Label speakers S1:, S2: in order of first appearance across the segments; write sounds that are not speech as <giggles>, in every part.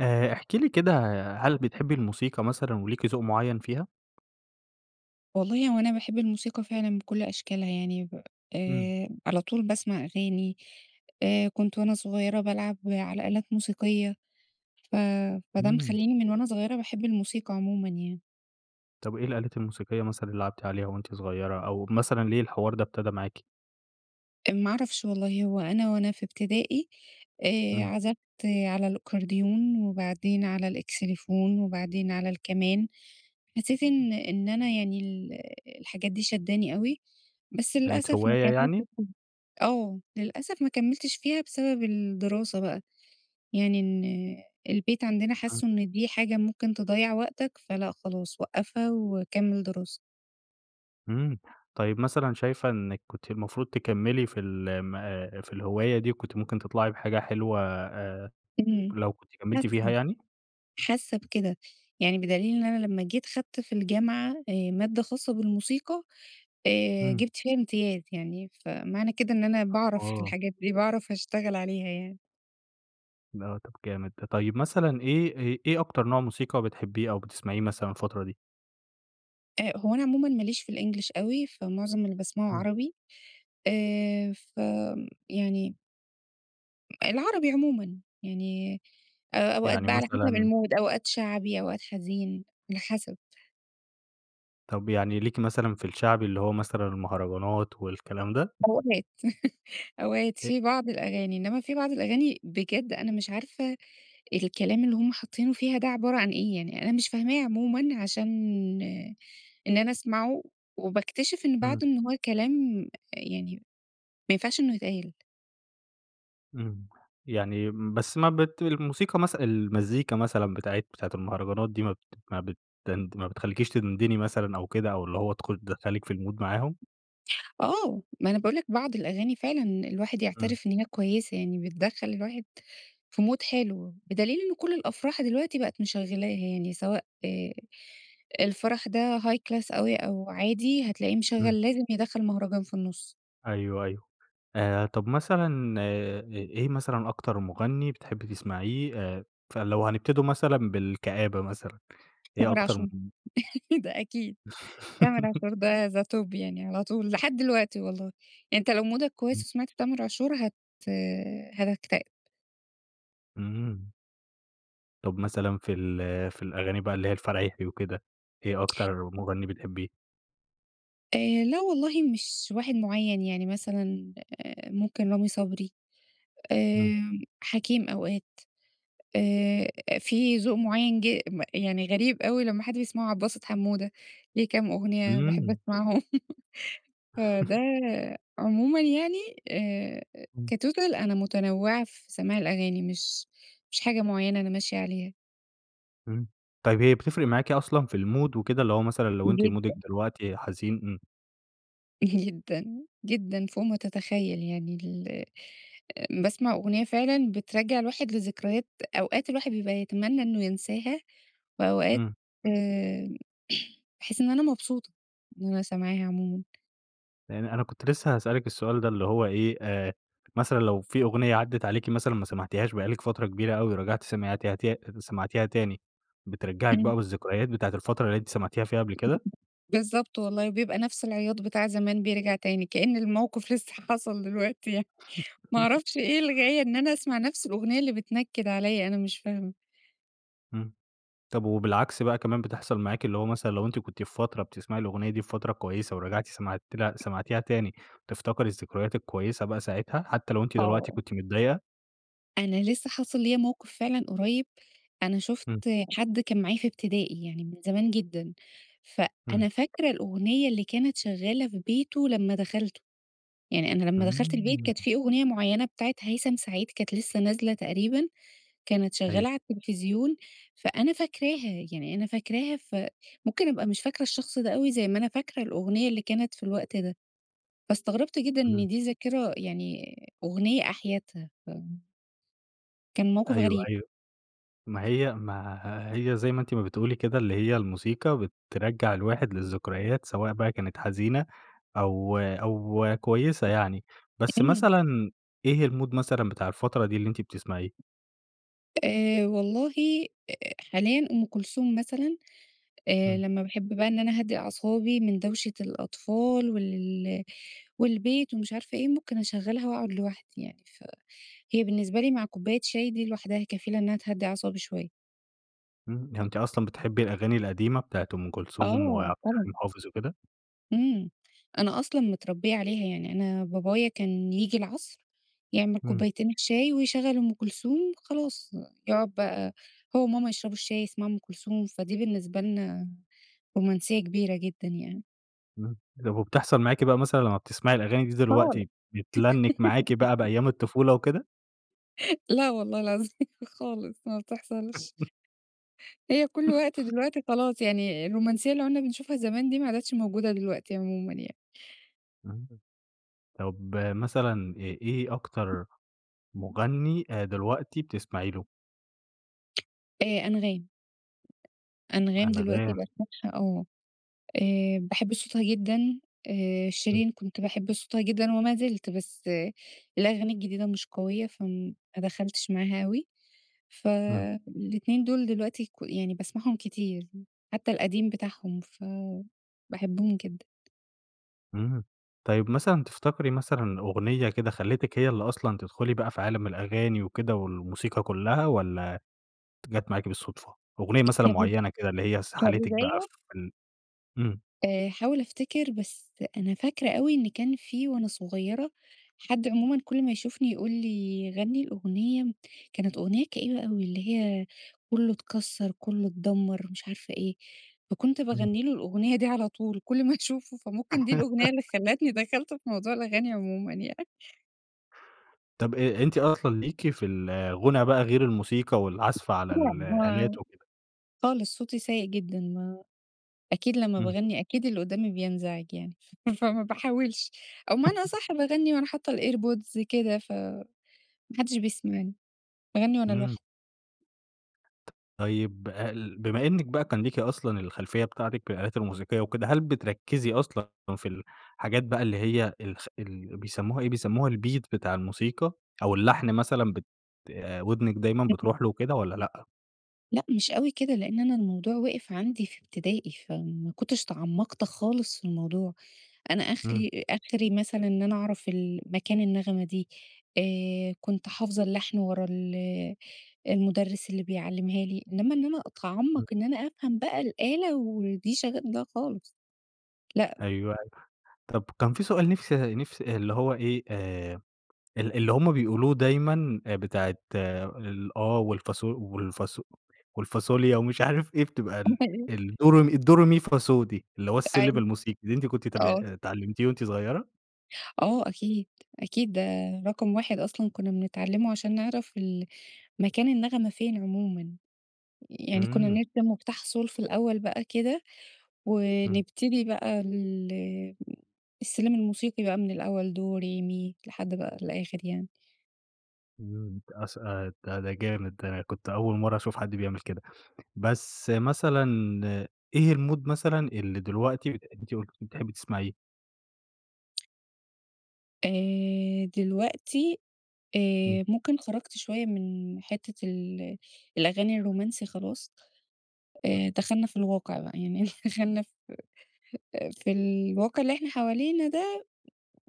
S1: آآ احكي لي كده، هل بتحبي الموسيقى مثلًا، وليكِ ذوق معين فيها؟
S2: والله هو أنا باحب الموسيقى فعلًا بكل أشكالها يعني، ب
S1: إمم.
S2: آآ على طول باسمع أغاني، آآ كنت وأنا صغيرة بالعب على آلات موسيقية، ف فده
S1: إمم.
S2: مخلّيني من وأنا صغيرة باحب الموسيقى عمومًا يعني.
S1: طب إيه الآلات الموسيقية مثلًا اللي لَعبتِ عليها وأنتِ صغيرة، أو مثلًا ليه الحوار ده أبتدى معاكِ؟
S2: أ ما اعرفش والله، هو أنا وأنا في ابتدائي، آآ
S1: إمم.
S2: عَزَفْت على الأكورديون وبعدين على الإكسليفون وبعدين على الكَمان، حسيت إن إن أنا يعني ال الحاجات دي شادّاني أوي، بس
S1: كانت
S2: للأسف ما
S1: هواية
S2: كمّلتش
S1: يعني؟
S2: فيها آه، للأسف ما كمّلتش فيها بسبب الدراسة بقى، يعني إن البيت عندنا
S1: إمم.
S2: حسّوا إن دي حاجة ممكن تضيّع وقتك، فلأ خلاص وقّفها وكمّل دراسة.
S1: إمم، طيب مثلًا شايفة إنِك كنتِ المفروض تكملي في ال ام أ في الهواية دي، وكنتِ ممكن تطلعي بحاجة حلوة آآ
S2: إمم،
S1: لو كنتِ كملتِ فيها
S2: <unintelligible>
S1: يعني؟
S2: حاسّة بكده، يعني بدليل إن أنا لما جيت خدت في الجامعة، آآ مادة خاصة بالموسيقى، آآ
S1: إمم.
S2: جِبت فيها امتياز يعني، فمعنى كده إن أنا باعرف في
S1: آه.
S2: الحاجات دي، باعرف أشتغل عليها يعني.
S1: آه، طب جامد ده، طيّب مثلًا إيه أ إيه أكتر نوع موسيقى بتحبيه أو بتسمعيه مثلًا الفترة دي؟
S2: أ هو أنا عمومًا ما ليش في الإنجلش أوي، فمعظم اللي باسمعه
S1: امم.
S2: عربي آآ، ف امم يعني العربي عمومًا يعني أ أوقات
S1: يعني
S2: بقى على حسب
S1: مثلًا
S2: الMood أوقات شعبي، أوقات حزين على حسب.
S1: طب يعني ليكِ مثلًا في الشعبي اللي هو مثلًا المهرجانات والكلام ده؟
S2: أوقات <laughs> أوقات
S1: أ
S2: في بعض الأغاني، إنّما في بعض الأغاني بجد أنا مش عارفة الكلام اللي هم حاطّينه فيها ده عبارة عن إيه، يعني أنا مش فاهماه عمومًا، عشان إن أنا أسمعه وباكتشف إن
S1: امم.
S2: بعدُه إن هو كلام يعني ما ينفعش إنّه يتقال.
S1: امم، يعني بس ما بت الموسيقى مث المزيكا مثلًا بتاعة بتاعة المهرجانات دي ما بت ما بتند ما بتخليكيش تدندني مثلًا أو كده، أو اللي هو دخول تدخّلِك في الMood معاهم؟
S2: آه، ما أنا باقول لك بعض الأغاني فعلًا الواحد
S1: امم.
S2: يعترف إن هي كويّسة، يعني بتدخّل الواحد في Mood حلو، بدليل إن كل الأفراح دلوقتي بقِت مشغّلاها يعني سواء آآ، الفرح ده high class أوي، أو عادي هتلاقيه
S1: امم.
S2: مشغّل لازم يدخّل مهرجان في النُص.
S1: أيوه، أيوه. آآ طب مثلًا، إيه مثلًا أكتر مُغنّي بتحبّي تسمعيه؟ آآ فلو هنبتدوا مثلًا بالكآبة مثلًا. إيه
S2: تامر
S1: أكتر
S2: عاشور
S1: <unintelligible>
S2: <laughs> ده أكيد تامر عاشور ده the
S1: <laughs>
S2: top يعني على طول، لحد الوقتي والله، يعني أنت لو مودك
S1: إمم.
S2: كويِّس وسمعت تامر عاشور هت هتكتئب.
S1: إمم. طب مثلًا في ال في الأغاني بقى اللي هي الفرايحي وكده، إيه أكتر مُغنّي بتحبّيه؟
S2: آآ لا والله مش واحد معيَّن، يعني مثلًا آآ ممكن رامي صبري،
S1: إمم.
S2: آمم، حكيم أوقات، آآ فيه ذوق معيَّن ج م يعني غريب أوي لما حد بيسمعه، عبدالباسط حمودة، ليه كام أغنيّة باحب
S1: إمم.
S2: أسمعهم <laughs> فده
S1: <laughs>
S2: عمومًا يعني آآ
S1: إمم.
S2: كtotal أنا متنوِّعة في سماع الأغاني، مش مش حاجة معيَّنة أنا ماشية عليها.
S1: إمم. طيب هي بتفرق معاكِ أصلًا في المود وكده اللي هو مثلًا لو أنتِ مودِك
S2: جدًا.
S1: دلوقتي حزين؟ إمم.
S2: جدًا جدًا، فوق ما تتخيَّل يعني ال باسمع أغنية فعلًا بترجَّع الواحد لذكريات أوقات الواحد بيبقى يتمنّى إنّه ينساها، وأوقات
S1: إمم.
S2: آآ <clears throat> باحس إن أنا مبسوطة، إن أنا سامعاها عمومًا.
S1: يعني أنا كنت لسه هاسألك السؤال ده اللي هو إيه، آآ مثلًا لو في أغنية عدَّت عليكِ مثلًا ما سمعتيهاش بقى لِك فترة كبيرة أوي ورجعتِ سمعتيها ت سمعتيها تاني، بترجَّعِك
S2: إمم.
S1: بقى بالذكريات بتاعة الفترة اللي أنتِ سمعتيها فيها قبل كده؟
S2: بالضبط والله، وبيبقى نفس العياط بتاع زمان، بيرجع تاني، كأن الموقف لسّه حاصل دلوقتي يعني ما أعرفش
S1: <laughs>
S2: إيه الغِايَّة إن أنا أسمع نفْس الأغنية اللي بتنكِّد عليا أنا مش فاهمة!
S1: إمم. طب وبالعكس بقى كمان بتحصل معاكِ، اللي هو مثلًا، لو أنتِ كنتِ في فترة بتسمعي الأغنية دي في فترة كويسة ورجعتِ سمعتيله سمعتيها تاني وتفتكري الذكريات الكويِّسة بقى ساعتها، حتى لو أنتِ دلوقتي
S2: آه.
S1: كنتِ متضايقة؟
S2: أنا لسّه حاصِل ليّا موقف فعلًا قريِّب، أنا شُفت
S1: إمم.
S2: حد كان معايا في ابتدائي يعني من زمان جدًا،
S1: إمم.
S2: فأنا فاكرة الأغنيّة اللي كانت شغّالة في بيته لمّا دخلْتُه، يعني أنا لمّا دخلْت البيت
S1: إمم.
S2: كانت في أغنية مُعيَّنة بتاعة هيثم سعيد كانت لسّه نازلة تقريبًا، كانت
S1: أيوه.
S2: شغّالة عالتلفزيون، فأنا فاكراها، يعني أنا فاكراها، ف ممكن أبقى مش فاكرة الشخص ده أوي زي ما أنا فاكرة الأغنيّة اللي كانت في الوقت ده، فاستغربت جدًا
S1: إمم.
S2: إن دي ذاكرة، يعني أغنيّة أحيتها. كان موقف
S1: أيوه،
S2: غريب.
S1: أيوه. ما هي ما هي زي ما أنتِ بتقولي كده، اللي هي الموسيقى بترجّع الواحد للذكريات، سواء بقى كانت حزينة، أو أو كويسة يعني. بس
S2: إمم.
S1: مثلًا إيه المود مثلًا بتاع الفترة دي اللي أنتِ بتسمعيه؟
S2: آآ والله أ حاليًا أم كلثوم مثلًا. آآ
S1: إمم.
S2: لمّا باحب بقى إن أنا أهدّي أعصابي من دَوشة الأطفال، وال ل والبيت، ومش عارفة إيه. ممكن أشغّلها، وأقعد لوحدي يعني. فهي بالنسبة لي مع كوباية شاي، دي لوحدها كفيلة إنّها تهدّي أعصابي شوية.
S1: إمم. يعني أنتِ أصلًا بتحبّي الأغاني القديمة بتاعة أم كلثوم،
S2: آه،
S1: وعبد
S2: طبعًا.
S1: الحليم حافظ وكده؟
S2: إمم. أنا أصلًا متربيّة عليها. يعني أنا بابايا كان ييجي العصر، يعمل
S1: إمم.
S2: كوبايتين الشاي، ويشغّل أم كلثوم خلاص. يقعد بقى هو وماما يشربوا الشاي، يسمعوا أم كلثوم. فدي بالنسبة لنا رومانسية كبيرة جدًا يعني.
S1: إمم. طب وبتحصل معاكِ بقى مثلًا لمّا بتسمعي الأغاني دي
S2: خالص.
S1: دلوقتي بتلنِّك معاكِ بقى
S2: <giggles>
S1: بأيام الطفولة وكده؟
S2: لأ والله العظيم خالص ما بتحصلش.
S1: <chuckles>
S2: هي كل وقت دلوقتي خلاص يعني الرومانسية اللي عُنّا بنشوفها زمان دي، ما عادتش موجودة دلوقتي عمومًا يعني.
S1: إمم، طب مثلًا إيه إيه أكتر مُغنّي دلوقتي بتسمعي له؟
S2: آآ أنغام. أنغام دلوقتي
S1: أنغام.
S2: بقت <unintelligible> آه. آآ باحب صوتها جدًا. آآ
S1: إمم.
S2: شيرين كنت باحب صوتها جدًا، وما زِلت. بس الأغاني الجديدة مش قوية، فما دخلتش معاها أوي.
S1: إمم.
S2: فالاتنين دول دلوقتي ك يعني باسمعهم كتير. حتّى القديم بتاعهم ف باحبهم جدًا.
S1: إمم. طيب مثلًا تفتكَري مثلًا أغنية كده خلّيتِك هي اللي أصلًا تدخُلي بقى في عالم الأغاني وكده، والموسيقى كلّها، والّا جات معاكِ بالصدفة؟ أغنية مثلًا
S2: كب
S1: معيّنة كده، اللي هي سَحَلِتِك بقى
S2: كبداية؟
S1: في ال إمم.
S2: آآ هاحاول أفتكر، بس أنا فاكرة أوي، إن كان في وأنا صغيرة حد عمومًا كل ما يشوفني، يقول لي غَنّي الأغنية، كانت أغنية كئيبة أوي اللي هي، كُلّه اتكسّر، كُلّه اتدمّر مش عارفة إيه. فكنت
S1: إمم.
S2: باغنّيله الأغنية دي على طول كل ما أشوفه فممكن دي الأغنية اللي
S1: <laughs>
S2: خلّتني دخلت في موضوع الأغاني عمومًا يع
S1: طب أ أنتِ أصلًا ليكِ في الغنا بقى غير الموسيقى والعزف على
S2: يعني هو
S1: الآلات وكده؟
S2: خالص صوتي سيء جدًا ما أكيد لمّا
S1: إمم.
S2: باغنّي أكيد اللي قدامي بينزعج يعني ف فما باحاولش أو بمعنى أصح باغنّي وأنا
S1: <chuckles>
S2: حاطة الairpods كده ف ما حدش بيسمعني، باغنّي وأنا
S1: إمم.
S2: لوحدي.
S1: ت طيب ال بما إنِك بقى كان ليكِ أصلًا الخلفية بتاعتِك بالآلات الموسيقية وكده. هل بتركزي أصلًا في الحاجات بقى اللي هي الس ال بيسموها إيه بيسموها الbeat بتاع الموسيقى أو اللحن مثلًا بت ودنِك دايمًا
S2: <unintelligible>
S1: بتروح له وكده والّا لأ؟
S2: لأ مش أوي كده، لأن أنا الموضوع وقف عندي في ابتدائي، فما كنتش تعمقت خالص في الموضوع. أنا
S1: إمم.
S2: أخلي آخري مثلًا إن أنا أعرف ال مكان النغمة دي، آآ كنت حافظة اللحن ورا ال المدرس اللي بيعلمها لي، إنما إن أنا أتعمق
S1: امم.
S2: إن أنا أفهم بقى الآلة ودي شغا لأ خالص. لأ.
S1: أيوه، أيوه. طب كان في سؤال نفسي نفسي اللي هو إيه آآ ال اللي هُم بيقولوه دايمًا بتاعة الآه والفاص والفاص والفاصوليا ومش عارف إيه بتبقى ال
S2: <unintelligible>
S1: الدو ري مي الدو ري مي فا صو دي، اللي هو السلم
S2: أيوه،
S1: الموسيقي، دي أنتِ كنتِ تابع
S2: آه.
S1: اتعلمتيه وأنتِ صغيرة؟
S2: آه، أكيد، أكيد، ده رقم واحد أصلًا كنّا بنتعلِّمه عشان نعرف ال مكان النغمة فين عمومًا، يعني كنّا
S1: إمم.
S2: بنرسم مفتاح صول في الأول بقى كده،
S1: إمم.
S2: ونبتدي بقى ال السلِّم الموسيقي بقى من الأول "دو ري مي" لحد بقى الآخر يعني.
S1: إمم، <unintelligible> البتاع ده جامد آآ، كنت أول مرّة أشوف حد بيعمل كده، بس مثلًا إيه الmood مثلًا اللي دلوقتي أنتِ قُلتِ بتحبّي تسمعيه؟
S2: آآ، دلوقتي
S1: إمم.
S2: آآ، ممكن خرجت شويّة من حتِّة ال الأغاني الرومانسي خلاص آآ، دخلنا في الواقع بقى <laughs> يعني، دخلنا في في الواقع اللي إحنا حوالينا ده،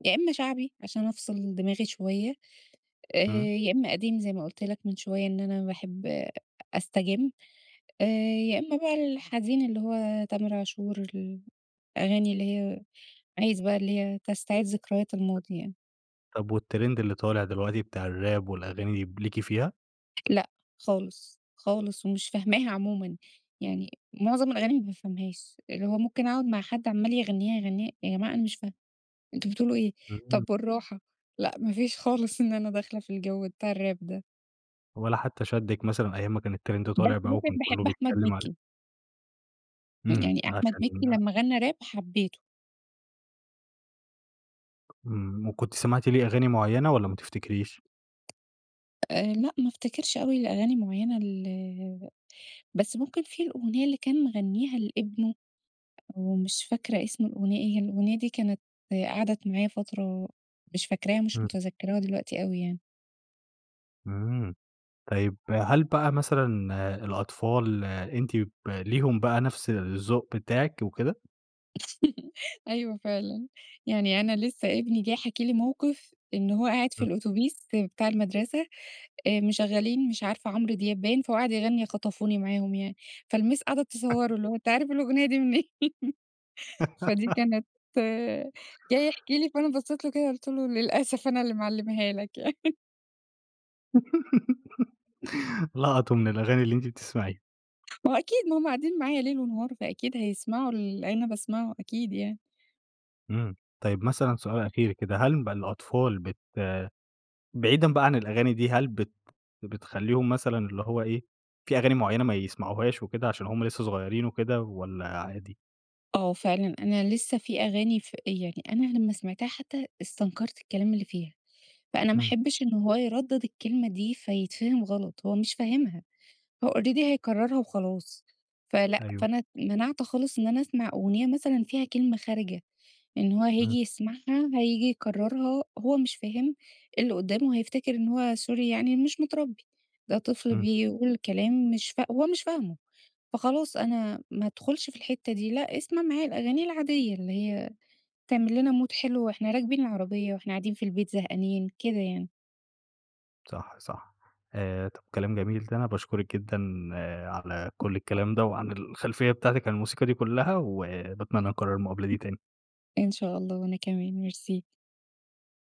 S2: يا امَّا شعبي عشان أفصل دماغي شويّة آآ،
S1: إمم.
S2: يا امَّا قديم زي ما قلت لك من شويّة إن أنا باحب أستجِّم آآ، يا امَّا بقى الحزين اللي هو تامر عاشور، الأغاني اللي هي عايز بقى اللي هي تستعيد ذكريات الماضي يعني.
S1: طب والترند اللي طالع دلوقتي بتاع الrap والأغاني دي ب ليكِ فيها؟
S2: لأ خالص، خالص، ومش فاهماها عمومًا. يعني مُعظم الأغاني ما بافهمهاش. اللي هو ممكن أقعد مع حد عَمّال يغنّيها، يغنّيها، يا جماعة أنا مش فاهمة، أنتم بتقولوا إيه؟
S1: إمم.
S2: طب بالراحة، لأ ما فيش خالص إن أنا داخلة في الجَو بتاع الراب ده.
S1: ولا حتى شَدِّك مثلًا أيام ما كان الترند
S2: بس
S1: طالع بقى، وكان
S2: ممكن
S1: كلّه
S2: باحب أحمد
S1: بيتكلّم عليه؟
S2: مِكّي.
S1: إمم،
S2: يعني أحمد مِكّي
S1: عشان
S2: لمّا غَنّى راب، حبّيته.
S1: إمم، وكنتِ سمعتِ ليه أغاني معيّنة، والّا ما تفتكريش؟
S2: آآ لأ، ما افتكرش أوي الأغاني معيّنة ال بس ممكن فيه الأغنية اللي كان مغنّيها لابنه، ومش فاكرة اسم الأغنية إيه. هي الأغنية دي كانت قعدت معايا فترة، مش فاكراها، مش
S1: إمم.
S2: مُتذَكِّراها دلوقتي أوي يعني.
S1: إمم. طيب، هل بقى مثلًا الأطفال أنتِ ب ليهم بقى نَفْس الذوق بتاعِك وكده؟
S2: <chuckles> أيوه فعلًا. يعني أنا لسّه ابني جاي حاكي لي موقف، إن هو قاعد في
S1: إمم.
S2: الأوتوبيس بتاع المدرسة، آآ مشغّلين مش عارفة عمرو دياب باين، فهو قاعد يغنّي خطفوني معاهم يعني. فالمس قعدت تصوّره،
S1: <chuckles>
S2: اللي هو أنت عارف الأغنية دي منين؟ <chuckles> فدِي
S1: <giggles>
S2: كانت جاي يحكي لي، فأنا بصّيت له كده، قُلت له للأسف أنا اللي معلماها لك يعني. <chuckles>
S1: <giggles> لقطوا من الأغاني اللي أنتِ بتسمعيها.
S2: ما هو أكيد ما هُم قاعدين معايا ليل ونهار، فأكيد هيسمعوا ال أنا باسمعه أكيد يعني.
S1: إمم، طيب مثلًا سؤال أخير كده، هل بقى الأطفال بت بعيدًا بقى عن الأغاني دي، هل بت بتخلّيهم مثلًا اللي هو إيه، في أغاني معينة ما يسمعوهاش وكده، عشان هُم لسه صغيرين وكده، والّا عادي؟
S2: آه فعلًا، أنا لسه في أغاني ف يعني أنا لما سمعتها حتى استنكرت الكلام اللي فيها، فأنا ما
S1: إمم.
S2: أحبش إن هو يردد الكلمة دي، فيتفهم غلط هو مش فاهمها، هو Already هيكررها وخلاص. فلأ،
S1: أيوه.
S2: فأنا ت مَنَعْت خالص إن أنا أسمع أغنية مثلًا فيها كلمة خارجة. لإن هو هييجي
S1: إمم.
S2: يسمعها، هييجي يكررها، هو مش فاهم، اللي قدامه هيفتكر إن هو سوري يعني مش مترَبّي، ده طفل
S1: إمم.
S2: بيقول كلام مش فا هو مش فاهمه، فخلاص أنا ما ادخلش في الحِتّة دي لأ، أسمع معايا الأغاني العادية اللي هي تعمل لنا مود حلو وإحنا راكبين العربية، وإحنا قاعدين في البيت زهقانين كده يعني.
S1: صح، صح، آآ طب كلام جميل ده، أنا باشكُرِك جدًا على كل الكلام ده، وعن الخلفية بتاعتِك عن الموسيقى دي كلها، وباتمنى نكرر المقابلة دي تاني.
S2: إن شاء الله وأنا كمان، ميرسي.